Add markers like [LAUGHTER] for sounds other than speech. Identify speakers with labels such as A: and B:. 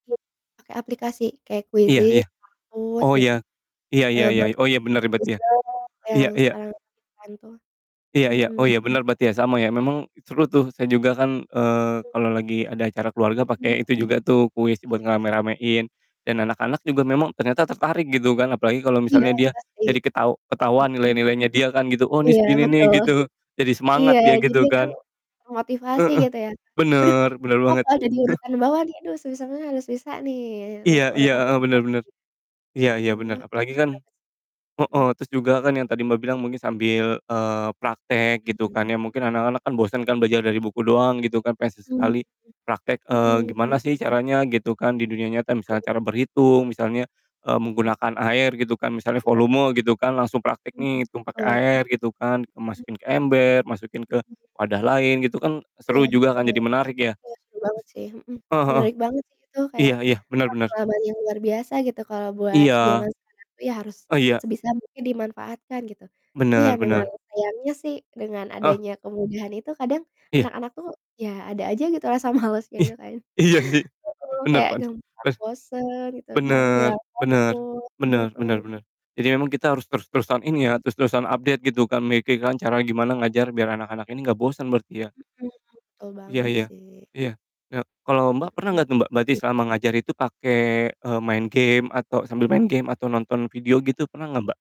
A: Yap. Pake aplikasi kayak
B: Iya iya,
A: Quizizz, Kahoot
B: oh iya,
A: gitu,
B: iya iya
A: eee,
B: iya
A: bagus
B: oh iya bener berarti
A: bagus
B: ya?
A: banget
B: Iya
A: yang
B: iya.
A: sekarang ngetren tuh,
B: Iya iya, oh
A: mhm.
B: iya bener berarti ya sama ya memang seru tuh saya juga kan, eee, kalo lagi ada acara keluarga
A: Mhm.
B: pake itu juga tuh kuis buat
A: Iya.
B: ngerame-ramein, dan anak-anak juga memang ternyata tertarik gitu kan apalagi kalo
A: Iya
B: misalnya dia,
A: pasti,
B: jadi ketahu ketahuan
A: mhm.
B: nilai-nilainya dia kan gitu, "Oh ini
A: Iya
B: segini nih,"
A: betul,
B: gitu, jadi
A: iya
B: semangat dia
A: jadi
B: gitu
A: kan,
B: kan.
A: termotivasi
B: Heeh,
A: gitu ya. "Aduh,
B: bener
A: ada
B: bener
A: apa
B: banget.
A: kok ada di
B: [CHUCKLES]
A: urutan bawah nih aduh susah banget harus bisa nih naik ke
B: Iya iya,
A: urutan, atas,"
B: heeh, bener
A: gitu.
B: bener, iya
A: Mhm,
B: iya bener
A: wah,
B: apalagi kan
A: [UNINTELLIGIBLE] mhm.
B: heeh, terus juga kan yang tadi Mbak bilang mungkin sambil, eee, praktek gitu
A: Mhm.
B: kan ya mungkin anak-anak kan bosen kan belajar dari buku doang gitu kan pengen
A: Mmm,
B: sesekali, praktek, eee,
A: mhm
B: gimana
A: mhm.
B: sih caranya gitu kan di dunia nyata misalnya
A: [UNINTELLIGIBLE]
B: cara berhitung misalnya, eee,
A: Mmm.
B: menggunakan air gitu kan misalnya
A: Iya, Kak.
B: volume gitu kan langsung praktek
A: Mhm,
B: nih hitung pake
A: betul.
B: air gitu kan.
A: Hmm.
B: Masukin ke ember, masukin ke
A: Mmm.
B: wadah lain gitu kan
A: Iya
B: seru juga kan
A: betul,
B: jadi menarik ya?
A: iya seru banget sih, mhm,
B: Heeh heeh,
A: menarik banget sih itu kayak,
B: iya iya bener
A: wah
B: bener.
A: pengalaman yang luar biasa gitu kalau buat
B: Iya,
A: zaman sekarang tuh ya harus,
B: oh iya.
A: sebisa mungkin dimanfaatkan gitu, tapi ya
B: Bener
A: memang
B: bener.
A: sayangnya sih dengan
B: Heeh.
A: adanya kemudahan itu kadang,
B: Iya.
A: anak-anak tuh ya ada aja gitu rasa malesnya
B: Ih,
A: gitu kayaknya,
B: iya sih
A: mhm,
B: bener
A: kayak
B: pant be
A: gampang bosen gitu kan
B: bener
A: hilang
B: bener,
A: fokus,
B: bener bener
A: mhm.
B: bener, jadi memang kita harus terus-terusan ini ya
A: Mmm.
B: terus-terusan update gitu kan kayak gimana cara gimana ngajar biar anak-anak ini gak bosen berarti ya?
A: Mhm, betul
B: Iya
A: banget
B: iya,
A: sih.
B: iya iya kalo Mbak pernah
A: Mhm,
B: gak Mbak berarti
A: mmm.
B: selama ngajar itu pake, eee, main game atau sambil main game atau nonton video gitu pernah gak Mbak?